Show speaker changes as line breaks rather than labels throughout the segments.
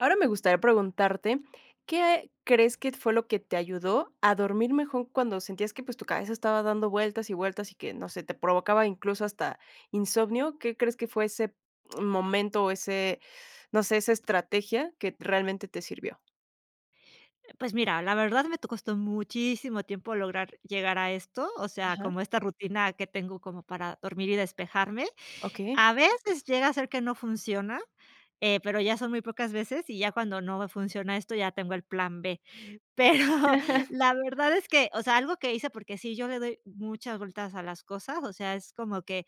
Ahora, me gustaría preguntarte, ¿qué crees que fue lo que te ayudó a dormir mejor cuando sentías que, pues, tu cabeza estaba dando vueltas y vueltas, y que, no sé, te provocaba incluso hasta insomnio? ¿Qué crees que fue ese momento o ese, no sé, esa estrategia que t realmente te sirvió?
Eh, pues mira, la verdad me to costó muchísimo tiempo lograr llegar a esto, o sea,
Ajá.
como esta rutina que tengo como para dormir y despejarme.
Okey.
A veces llega a ser que no funciona, eh, pero ya son muy pocas veces y ya cuando no me funciona esto, ya tengo el plan B. Pero la verdad es que, o sea, algo que hice, porque sí, yo le doy mucha vueltas a las cosas, o sea, es como que,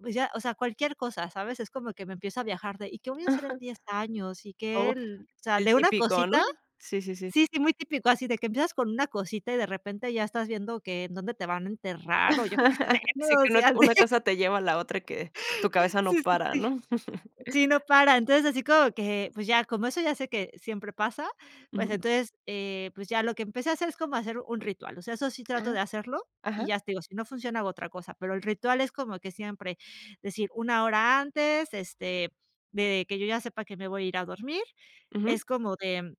pues ya, o sea, cualquier cosa, ¿sabes?, es como que me empiezo a viajar de, ¿y qué voy a hacer en
Ajá.
10 años? ¿Y que
Oh,
el, o sea,
el
de una
típico, ¿no?
cosita.
Sí, sí, sí.
Sí, sí, muy típico, así de que empiezas con una cosita y de repente ya estás viendo que en dónde te van a enterrar o yo qué sé, ¿no?
Sí,
O
que una
sea, sí.
una cosa te lleva a la otra y que tu cabeza no
Sí, sí,
para,
sí.
¿no?
Sí, no paran. Entonces, así como que, pues, ya, como eso ya sé que siempre pasa, pues,
Ujú.
entonces, eh, pues ya lo que empecé a hacer es como hacer un ritual, o sea, eso sí trato
Ajá.
de hacerlo, y
Ajá.
ya te digo, si no funciona hago otra cosa, pero el ritual es como que siempre decir 1, hora antes, este, de que yo ya sepa que me voy a ir a dormir,
Ujú.
es como de, mm,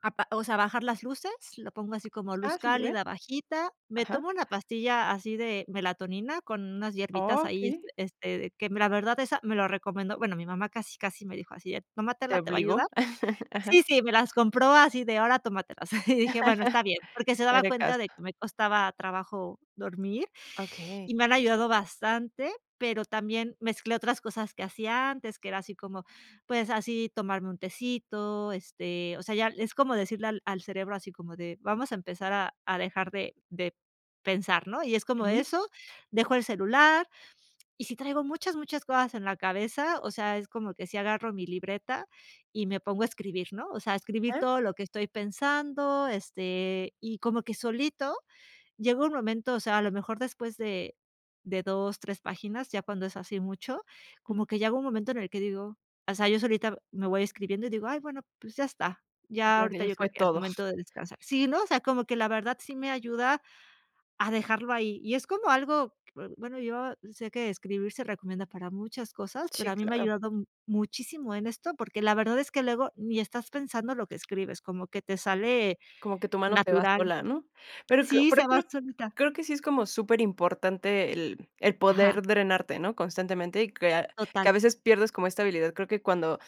apa o sea, bajar las luces, lo pongo así como luz
Ah, superbiérn.
cálida, bajita. Me
Ajá.
tomo una pastilla así de melatonina con unas hierbitas ahí, este,
Okey.
este de que me la verdad esa me lo recomendó, bueno, mi mamá casi casi me dijo así: "Eh,
Te
tómatela, te va a
obligó.
ayudar".
Ajá.
Sí, sí, me las compró así de ahora, tómatelas. Y dije: "Bueno, está bien", porque se daba
Haré
cuenta
caso.
de que me costaba trabajo dormir,
Okey.
y me han ayudado bastante, pero también mezclé otras cosas que hacía antes, que era así como, pues, así tomarme un tecito, este, o sea, ya es como decirle al al cerebro así como de vamos a empezar a a dejar de de pensar, ¿no? Y es como
Ujú.
eso, dejo el celular y si traigo muchas, muchas cosas en la cabeza, o sea, es como que si agarro mi libreta y me pongo a escribir, ¿no?, o sea, escribir
Ajá.
todo lo que estoy pensando, este, y como que solito llega un momento, o sea, a lo mejor después de de 2, 3 páginas, ya cuando es así mucho, como
Ujú.
que llega un momento en el que digo, o sea, yo solita me voy escribiendo y digo: "Ay bueno, pues, ya está, ya
Ya, que
ahorita
ya
yo creo
fue
que es
todo.
momento de descansar". Sí, ¿no?, o sea, como que la verdad sí me ayuda a dejarlo ahí, y es como algo, que bueno, yo sé que escribir se recomienda para muchas cosas, pero
Sí,
a mí me ha
claro.
ayudado m muchísimo en esto, porque la verdad es que luego ni estás pensando lo que escribes, como que te sale
Como que tu mano se va
natural.
sola, ¿no?, pero cr
Sí,
pero,
se va
creo
solita.
creo que sí es como súperimportante el el
Ajá.
poder drenarte, ¿no?, constantemente y crear, que
Total.
a veces pierdes como esta habilidad. Creo que cuando,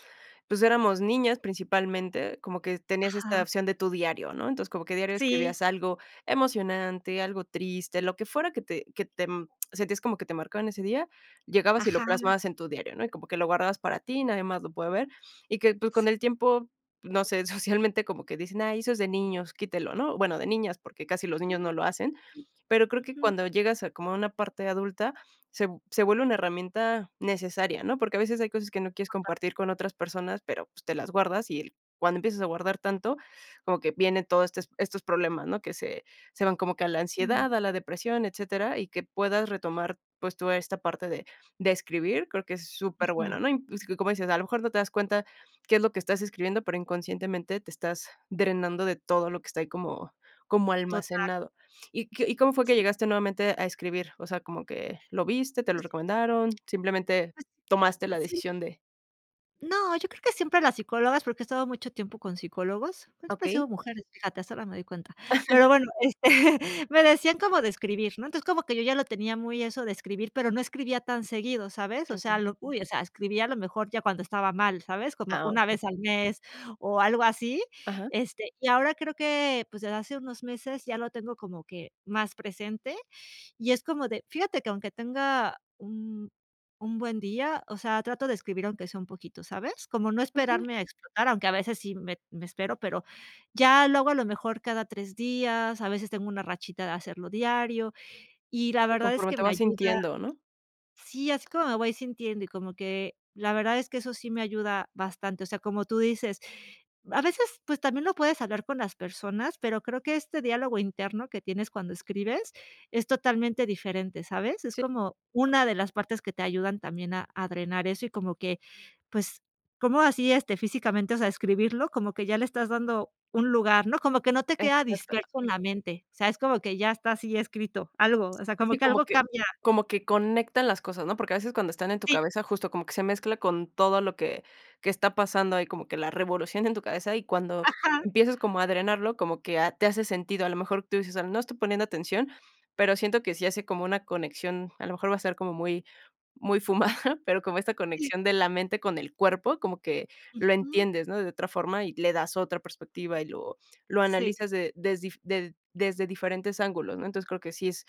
pues, éramos niñas principalmente, como que tenías esta
Ajá.
opción de tu diario, ¿no? Entonces, como que diario
Sí.
escribías algo emocionante, algo triste, lo que fuera que te que te, mm, sentías como que te marcaba en ese día, llegabas y lo
Ajá.
plasmabas en tu diario, ¿no?, y como que lo guardabas para ti y nadie más lo puede ver, y que, pues, con
Sí.
el tiempo, no sé, socialmente como que dicen: "Ay, eso es de niños, quítelo", ¿no?, bueno, de niñas, porque casi los niños
Mm,
no lo hacen,
cierto.
pero creo que
Ujú.
cuando llegas a como a una parte adulta, se v se vuelve una herramienta necesaria, ¿no?, porque a veces hay cosas que no quieres
Total.
compartir con otras personas, pero, pues, te las guardas y el cuando empiezas a guardar tanto, como que viene todo este estos problemas, ¿no?, que se se van como que a la
Mm.
ansiedad, a la depresión, etcétera. Y que puedas retomar, pues, toda esta parte de de escribir, creo que es superbueno,
Ujú.
¿no?, y es que, como dices, a lo mejor no te das cuenta qué es lo que estás escribiendo, pero inconscientemente te estás drenando de todo lo que está ahí como como
Total.
almacenado, ¿y qué y cómo fue que
Sí.
llegaste nuevamente a escribir? O sea como que, ¿lo viste? ¿Te lo
Pues sí.
recomendaron? Simplemente tomaste la
Así. Sí.
decisión de
No, yo creo que siempre las psicólogas, porque, he estado mucho tiempo con psicólogos, pues, siempre han sido
Okey.
mujeres, fíjate, hasta ahora me doy cuenta. Pero bueno, este, me decían cómo de escribir, ¿no? Entonces, como que yo, ya lo tenía muy eso de escribir, pero, no escribía tan seguido, ¿sabes? O sea,
Okey.
lo uy, o sea, escribía a lo mejor ya cuando estaba mal, ¿sabes? Como
Ah,
1
okey.
vez al mes, o algo así.
Ajá.
Este, y ahora creo que, pues, desde hace unos meses ya lo tengo como que más presente, y es como de fíjate que aunque tenga un un buen día, o sea, trato de escribir aunque sea un poquito, ¿sabes? Cómo no
Okey.
esperarme a explotar, aunque a veces sí me me espero, pero, ya luego a lo mejor cada 3, días, a veces tengo una rachita de hacerlo diario, y la
Sí,
verdad es
conforme
que
te
me
vas
ayuda.
sintiendo, ¿no?
Sí, así como me voy sintiendo, y como que la verdad es que eso sí me ayuda bastante, o sea, como tú dices, a veces, pues, también, lo puedes hablar con las personas, pero, creo que este diálogo interno que tienes, cuando escribes es totalmente diferente, ¿sabes? Es
Sí.
como una de las partes que te ayudan también, a a drenar eso, y como que, pues, ¿cómo así, este, físicamente, o sea, escribirlo? Como que ya le estás dando un lugar, ¿no? Como que no te queda
Exacto.
disperso en la mente. O sea, es como que ya está así escrito algo, o sea, como
Sí,
que
como
algo
que
cambia.
como que conectan las cosas, ¿no? Porque, a veces cuando están en tu
Sí.
cabeza, justo como que se mezcla con todo lo que que está pasando ahí, como que la revolución en tu cabeza, y cuando
Ajá.
empiezas como a drenarlo, como que, ah, te hace sentido. A lo mejor tú dices: "Ah, no estoy poniendo atención, pero, siento que si hace como una conexión", a lo mejor va a ser como muy muy fumada, pero, como esta
Sí.
conexión de la mente con el cuerpo, como que lo
Ujú.
entiendes, ¿no? De otra forma, y le das otra perspectiva, y lo lo
Sí.
analizas de desdi de desde diferentes ángulos, ¿no? Entonces, creo que sí es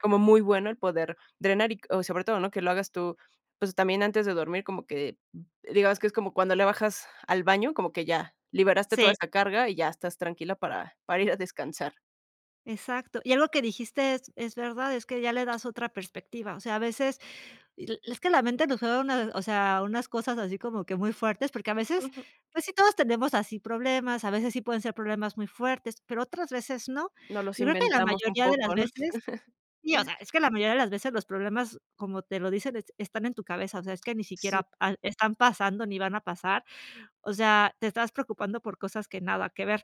como muy bueno, el poder drenar y, o sobre todo, ¿no? Que lo hagas tú, pues, también antes de dormir, como que, digamos, que es como cuando le bajas al baño, como que ya liberaste toda
Sí.
esa carga, y ya estás tranquila para para ir a descansar.
Exacto. Y algo que dijiste es es verdad, es que ya le das otra perspectiva. O sea, a veces es que la mente nos juega una o sea, unas cosas así como que muy fuertes, porque, a veces, pues, sí todos tenemos así problemas. A veces sí pueden ser problemas muy fuertes, pero, otras veces no.
Nos los
Yo creo que la
inventamos un
mayoría de las
poco, ¿no?
veces, sí, o sea, es
Es
que la mayoría de las veces los problemas, como te lo dicen: "Es están en tu cabeza", o sea, es que ni
Sí.
siquiera, ah, están pasando, ni van a pasar. O sea, te estás preocupando por cosas que nada que ver.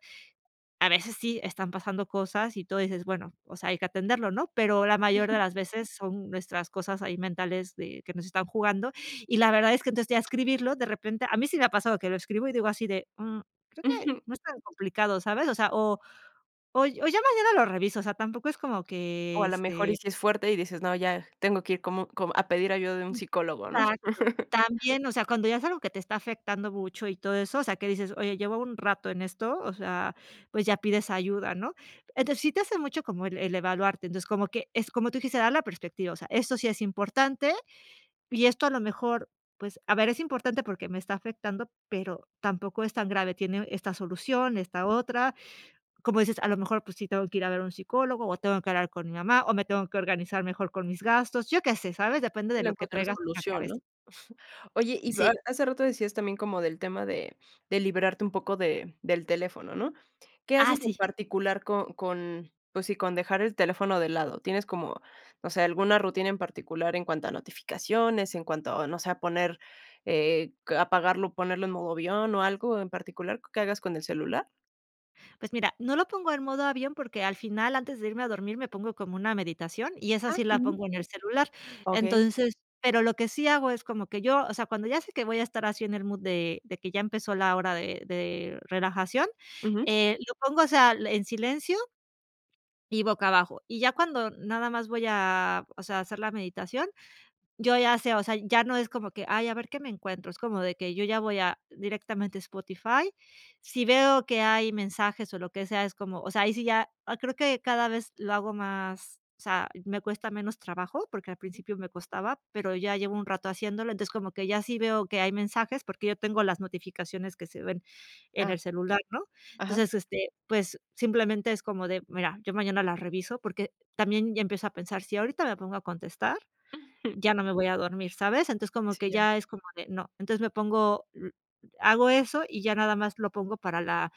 A veces, sí están pasando cosas, y tú dices: "Bueno, o sea, hay que atenderlo", ¿no? Pero, la mayor de las veces son nuestras cosas ahí mentales, de que nos están jugando. Y la verdad es que, entonces ya escribirlo de repente, a mí sí me ha pasado que lo escribo, y digo así de: "Mm, creo que
Ujú.
no es tan complicado", ¿sabes? O sea, o o o: "Ya mañana lo reviso", o sea, tampoco es como
O,
que,
a la mejor, y
este
sí es fuerte, y dices: "No ya tengo que ir como como a pedir ayuda de un psicólogo", ¿no?
Exacto. También, o sea, cuando ya es algo que te está afectando mucho y todo eso, o sea, que dices: "Oye, llevo un rato en esto", o sea, pues, ya pides ayuda, ¿no? Entonces, sí te hace mucho como el el evaluarte. Entonces, como que es, como tú dijiste: "Dar la perspectiva". O sea, eso sí es importante, y esto a lo mejor, pues, a ver, es importante porque, me está afectando, pero, tampoco es tan grave, tiene esta solución, esta otra. Como dices: "A lo mejor, pues, sí tengo que ir a ver a un psicólogo, o tengo que hablar con mi mamá, o me tengo que organizar mejor con mis gastos", ¿yo qué sé? ¿Sabes? Depende
Sí,
de
le
lo que
encuentras
traigas en la
solución, ¿no?
cabeza.
Oye, y
Sí.
hace rato decías también, como del tema de de liberarte un poco de del teléfono, ¿no? ¿Qué
Ah,
haces en
sí.
particular con con, pues sí, con dejar el teléfono de lado? ¿Tienes como, no sé, alguna rutina en particular en cuanto a notificaciones, en cuanto a, no sé, a poner, eh, apagarlo, ponerlo en modo avión, o algo en particular, que hagas con el celular?
Pues mira, no lo pongo en modo avión, porque al final antes de irme a dormir me pongo como una meditación, y esa
Ah,
sí la
Ajá.
pongo en el celular.
Okey.
Entonces, pero lo que sí hago es como que yo o sea, cuando ya sé que voy a estar así en el mood de, de que ya empezó la hora de, de relajación,
Ujú.
eh, lo pongo, o sea, en silencio, y boca abajo. Y ya cuando nada más voy a o sea, a hacer la meditación, yo ya sé, o sea, ya no es como que: "Ay, a ver qué me encuentro", es como de que yo ya voy a directamente a Spotify. Si veo que hay mensajes, o lo que sea, es como, o sea, ahí sí ya creo que cada vez lo hago más, o sea, me cuesta menos trabajo, porque al
Ujú.
principio me costaba, pero ya llevo un rato haciéndolo. Entonces como que ya sí veo que hay mensajes, porque yo tengo las notificaciones que se ven en
Ah.
el celular, ¿no?
Ajá.
Entonces, este, pues, simplemente es como de: "Mira, yo mañana las reviso", porque también ya empiezo a pensar, si ahorita me pongo a contestar,
Ujú.
ya no me voy a dormir, ¿sabes? Entonces, como que
Sí, ya.
ya es como de no, entonces me pongo, mm, hago eso y ya nada más lo pongo para la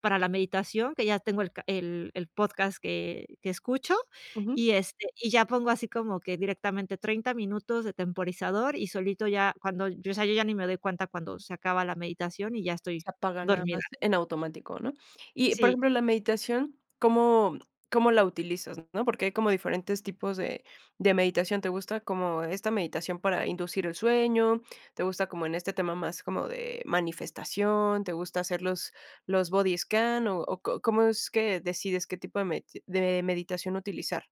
para la meditación, que ya tengo el ca el, el podcast que, que escucho.
Ujú.
Y, este, y ya pongo así como que directamente 30 minutos de temporizador, y solito ya cuando, o sea, yo ya ni me doy cuenta cuando se acaba la meditación y ya estoy
Se apaga nada
dormida.
más en automático, ¿no? Y por
Sí.
ejemplo, la meditación, ¿cómo, cómo la utilizas? ¿no? Porque hay como diferentes tipos de, de meditación, ¿te gusta como esta meditación para inducir el sueño?, ¿te gusta como en este tema más como de manifestación?, ¿te gusta hacerlos, los body scan, o có cómo es que decides qué tipo de medita de meditación utilizar?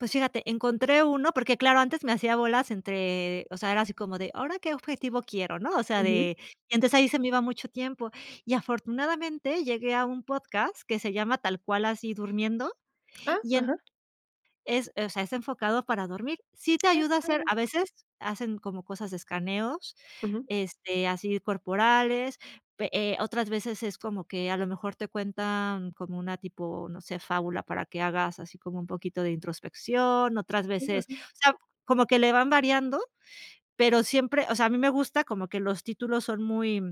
Pues, fíjate, encontré uno Porque, claro antes me hacía bolas entre o sea, era así como de, ¿ahora qué objetivo quiero? ¿no? O sea,
Ujú.
de entonces ahí se me iba mucho tiempo. Y afortunadamente llegué a un podcast que se llama tal cual así durmiendo.
Ah.
Y en
Ajá.
es o sea, es enfocado para dormir. Sí te
Qué
ayuda a hacer,
padre.
a veces hacen como cosas escaneos,
Ujú.
este, así corporales, pe eh, otras veces es como que a lo mejor te cuentan como una tipo, no sé, fábula para que hagas así como un poquito de introspección, otras veces
[unintelligible]
o sea, como que le van variando, pero siempre o sea, a mí me gusta como que los títulos son muy,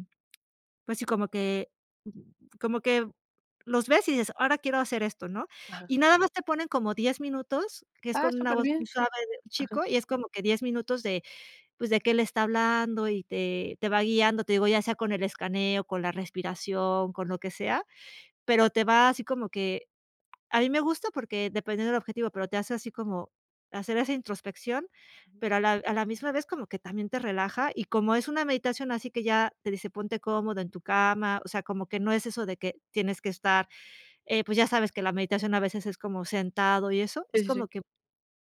pues sí, como que como que los ves, y dices: "Ahora quiero hacer esto", ¿no?
Ajá.
Y nada más te ponen como 10 minutos, que es
Ah,
con una
súper
voz muy
bien.
suave de un
Ajá.
chico, y es como que 10 minutos de, pues de que él está hablando y te, te va guiando, te digo ya sea con el escaneo, con la respiración, con lo que sea. Pero te va así como que a mí me gusta porque dependiendo del objetivo, pero te hace así como hacer esa introspección,
Ujú.
pero a la, a la misma vez como que también te relaja, y como es una meditación así que ya te dice ponte cómodo en tu cama. O sea, como que no es eso de que tienes que estar, eh, pues, ya sabes que la meditación a veces es como sentado y eso,
Sí,
es
sí,
como
sí.
que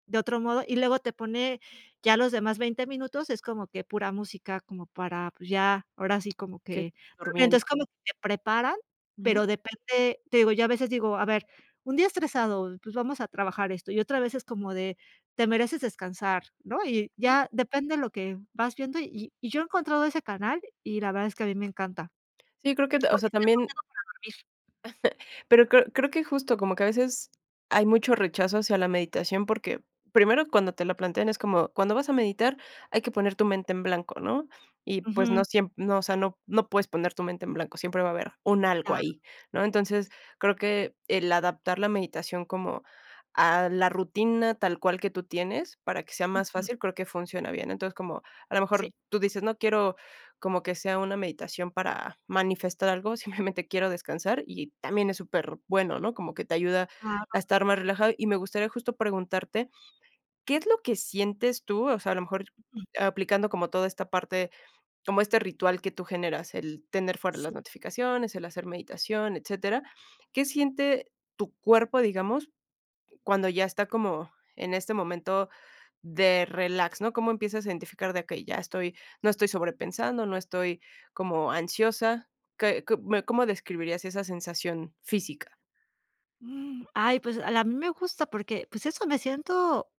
de otro modo, y luego te pone ya los demás 20 minutos, es como que pura música, como para, pues, ya, ahora sí, como
Okey,
que.
durmien
Entonces, como que te preparan,
Ujú.
pero depende, te digo, ya a veces digo: "A ver, un día estresado, pues, vamos a trabajar esto", y otra vez es como de: "Te mereces descansar", ¿no? Y
Ujú.
ya depende lo que vas viendo, y, y, yo he encontrado ese canal y la verdad es que a mí me encanta.
Sí, creo que o
Porque
sea,
dan
también
consejos para dormir.
Pero creo creo que es justo. Como que a veces hay mucho rechazo hacia la meditación, porque, primero cuando te lo plantean es como cuando vas a meditar hay que poner tu mente en blanco, ¿no? Y pues
Ujú.
no siem o sea, no, no puedes poner tu mente en blanco, siempre va a haber un algo
Ah.
ahí, ¿no? Entonces, creo que el adaptar la meditación como a la rutina tal cual que tú tienes, para que sea más
Ujú.
fácil, creo que funciona bien. Entonces, como a lo
Sí.
mejor tú dices: "No quiero como que sea una meditación para manifestar algo, simplemente quiero descansar", y también es super bueno, ¿no? Como que te ayuda
Ah, no.
a estar más relajado y me gustaría justo preguntarte, ¿Qué es lo que sientes tú? O sea, a lo mejor
Mm.
aplicando como toda esta parte, como este ritual que tú generas, el tener fuera las
Sí.
notificaciones, el hacer meditación, etcétera. ¿Qué siente tu cuerpo, digamos, cuando ya está como en este momento de relax?, ¿no? Cómo empiezas a identificar de que ya estoy, no estoy sobrepensando, no estoy como ansiosa. ¿Qué qué me cómo describirías esa sensación física?
Ay, pues, a la a mí me gusta porque, pues, eso me siento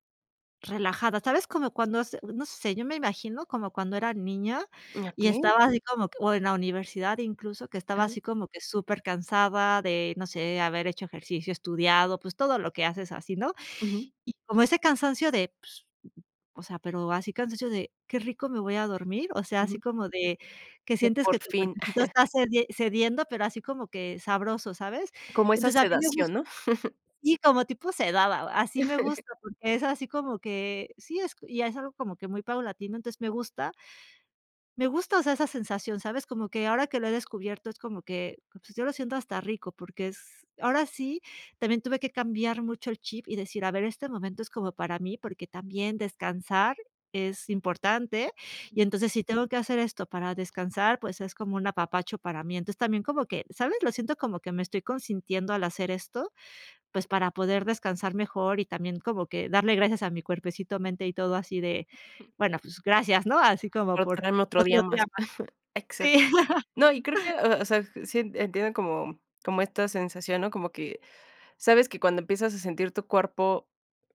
relajada, ¿sabes? Como cuando hace no sé, yo me imagino como cuando era niña
¿Y a
y
qué?
estaba así como que o en la universidad, incluso, que estaba
Ajá.
así como que supercansada de, no sé, haber hecho ejercicio, estudiado, pues, todo lo que haces así, ¿no?
Ujú.
Y como ese cansancio de pues, o sea, pero así cansancio de qué rico me voy a dormir, o sea, así
Ujú.
como de que
De
sientes
por
que tu
fin.
cuerpecito está cedien cediendo, pero así como que sabroso, ¿sabes?
Como esa
Entonces, a mí me gus
sedación, ¿no?
Sí, como tipo sedada, así me gusta, porque es así como que sí es y es algo como que muy paulatino. Entonces me gusta, me gusta, o sea, esa sensación, ¿sabes? Como que ahora que lo he descubierto es como que, pues, yo lo siento hasta rico porque es, ahora sí, también tuve que cambiar mucho el chip y decir: "A ver, este momento es como para mí", porque también descansar es importante. Y
Ujú.
entonces si tengo que hacer esto para descansar, pues, es como un apapacho para mí. Entonces también como que, ¿sabes? Lo siento como que me estoy consintiendo al hacer esto, pues, para poder descansar mejor, y también como que darle gracias a mi cuerpecito mente y todo así de;
Ujú.
"Bueno, pues gracias", ¿no? Así como
Por
por
darme otro
otro
día
día
más.
más.
Exac
Sí.
No, y creo que, o sea, sí, entiendo como como esta sensación, ¿no? Como que, sabes que cuando empiezas a sentir tu cuerpo,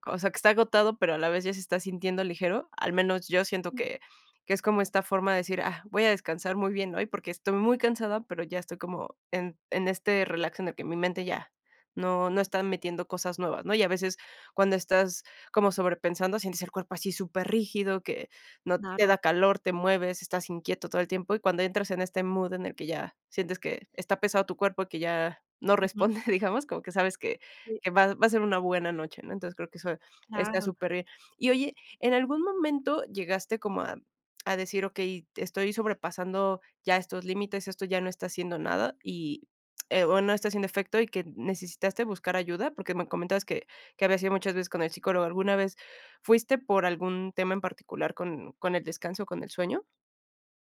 o sea, que está agotado, pero a la vez ya se está sintiendo ligero, al menos yo siento
Ujú.
que, que es como esta forma de decir: "Ah, voy a descansar muy bien hoy, porque estoy muy cansada", pero ya estoy como en en este relax en el que mi mente ya no no están metiendo cosas nuevas, ¿no? Y a veces cuando estás como sobrepensando, sientes el cuerpo así superrígido, que no te
Claro.
da calor, te mueves, estás inquieto todo el tiempo. Y cuando entras en este mood en el que ya sientes que está pesado tu cuerpo, que ya no responde, digamos, como que sabes que,
Sí.
que va, va a ser una buena noche, ¿no? Entonces, creo que eso está
Claro.
superbién. Y oye, ¿en algún momento llegaste como a, a decir: "Okey, estoy sobrepasando ya estos límites, esto ya no está haciendo nada" y, eh, o no está haciendo efecto y que necesitaste buscar ayuda? Porque me comentas que que habías ido muchas veces con el psicólogo. ¿Alguna vez fuiste por algún tema en particular con, con el descanso, con el sueño?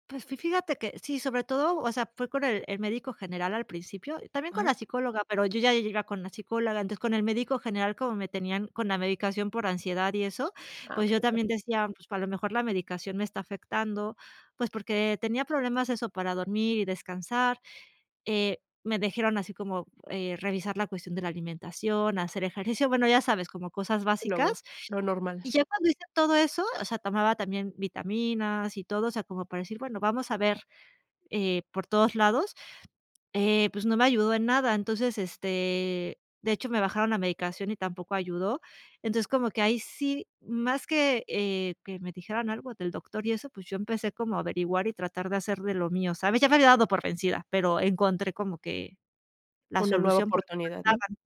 Pues, fi fíjate que sí. Sobre todo, o sea, fue con el el médico general al principio, también con
Ajá.
la psicóloga, pero yo ya iba con una psicóloga. Entonces con el médico general como me tenían con la medicación por ansiedad y eso,
Ah,
pues,
okey.
yo
Ajá.
también decía: "Pues, a lo mejor la medicación me está afectando", pues, porque tenía problemas eso para dormir y descansar. Eh, me dijeron así como, eh, revisar la cuestión de la alimentación, hacer ejercicio, bueno, ya sabes, como cosas
Lo
básicas.
lo normal.
Y ya cuando hice todo eso o sea, tomaba también vitaminas y todo, o sea, como para decir, bueno, vamos a ver eh por todos lados, eh, pues, no me ayudó en nada. Entonces, este, de hecho, me bajaron la medicación y tampoco ayudó. Entonces, como que ahí sí, más que, eh, que me dijeran algo del doctor y eso, pues, yo empecé como a averiguar y tratar de hacer de lo mío, ¿sabes? Ya me había dado por vencida, pero encontré como que la
Una nueva
solución por [unintelligible]
oportunidad, ¿no?
daban.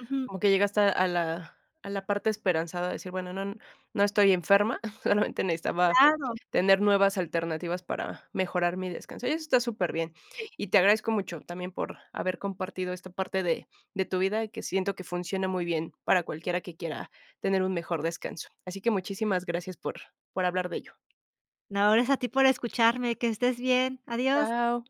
Ujú.
Como que llegaste a la a la parte esperanzada de decir: "Bueno no, no estoy enferma, solamente necesitaba
Claro.
tener nuevas alternativas para mejorar mi descanso". Y eso está súper bien.
Sí.
Y te agradezco mucho también por haber compartido esta parte de, de tu vida y que siento que funciona muy bien para cualquiera que quiera tener un mejor descanso. Así que muchísimas gracias por, por hablar de ello.
No, gracias a ti por escucharme, que estés bien. Adiós.
Chao.